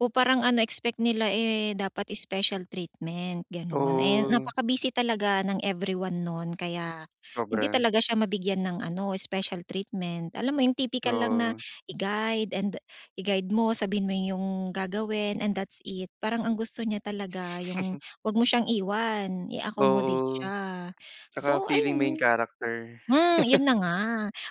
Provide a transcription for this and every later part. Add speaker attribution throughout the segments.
Speaker 1: Oh, parang ano, expect nila eh, dapat special treatment, gano'n. Eh,
Speaker 2: Oh.
Speaker 1: napaka-busy talaga ng everyone no'n kaya hindi
Speaker 2: Sobra.
Speaker 1: talaga siya mabigyan ng ano, special treatment. Alam mo 'yon, tipikal lang na
Speaker 2: Oo.
Speaker 1: i-guide and i-guide mo. Sabihin mo yung gagawin and that's it. Parang ang gusto niya talaga yung huwag mo siyang iwan, i-accommodate
Speaker 2: Oo.
Speaker 1: siya.
Speaker 2: Tsaka
Speaker 1: So
Speaker 2: feeling main
Speaker 1: ayun
Speaker 2: character.
Speaker 1: hmm, 'yon na nga,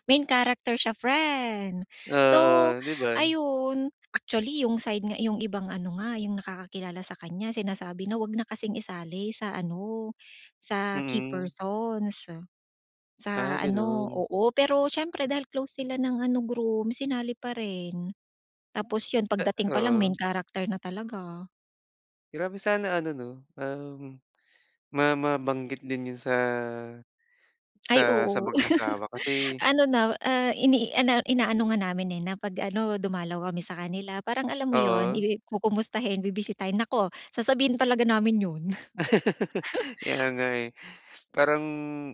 Speaker 1: main character siya, friend. So,
Speaker 2: Oo, di ba?
Speaker 1: ayun, actually, yung side nga yung ibang ano nga, yung nakakakilala sa kanya sinasabi na huwag na kasing isali sa ano, sa key
Speaker 2: Mm.
Speaker 1: persons.
Speaker 2: Ah,
Speaker 1: Sa ano
Speaker 2: gano'n.
Speaker 1: oo, pero siyempre dahil close sila ng ano, groom sinali pa rin. Tapos 'yon
Speaker 2: Eh
Speaker 1: pagdating palang main
Speaker 2: oo.
Speaker 1: character na talaga.
Speaker 2: Grabe, sana ano 'no, um, ma mabanggit din 'yon sa
Speaker 1: Ay,
Speaker 2: sa sa
Speaker 1: oo.
Speaker 2: mag-asawa kasi
Speaker 1: Ano na ah, ini ana inaano nga namin eh, na 'pag ano, dumalaw kami sa kanila parang alam mo 'yon,
Speaker 2: Oo.
Speaker 1: i kukumustahin, bibisitahin. Naku, sasabihin talaga namin 'yon.
Speaker 2: Kaya nga, eh. Parang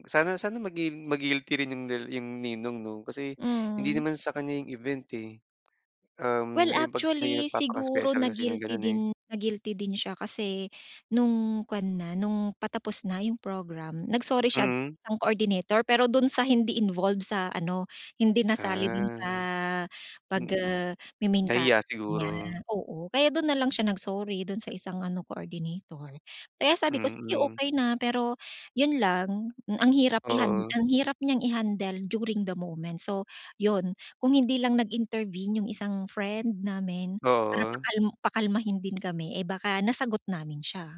Speaker 2: sana sana magi ma-guilty rin yung yung ninong, 'no? Kasi hindi
Speaker 1: Mm.
Speaker 2: naman sa kanya yung event, eh.
Speaker 1: Well,
Speaker 2: Um, yung 'pag may
Speaker 1: actually, siguro
Speaker 2: nagpapaka-special kasi ng
Speaker 1: na-guilty
Speaker 2: gano'n, eh.
Speaker 1: din na-guilty din siya kasi no'ng kuwan na no'ng patapos na yung program, nag-sorry siya
Speaker 2: Mm.
Speaker 1: isang coordinator. Pero doon sa hindi involved sa ano, hindi nasali doon sa
Speaker 2: Ah.
Speaker 1: pag
Speaker 2: Mm.
Speaker 1: ah, me-main character
Speaker 2: Nahiya
Speaker 1: niya.
Speaker 2: siguro.
Speaker 1: Oo, kaya doon nalang siya nag-sorry. Doon sa isang ano, coordinator. Kaya sabi ko, sige
Speaker 2: Mm.
Speaker 1: okey na, pero 'yon lang ang hirap ihan
Speaker 2: Oo.
Speaker 1: ang hirap niyang i-handle during the moment. So, 'yon kung hindi lang nag-intervene yung isang friend namin para
Speaker 2: Oo.
Speaker 1: pakal-pakalmahin din kami. Eh, baka nasagot namin siya.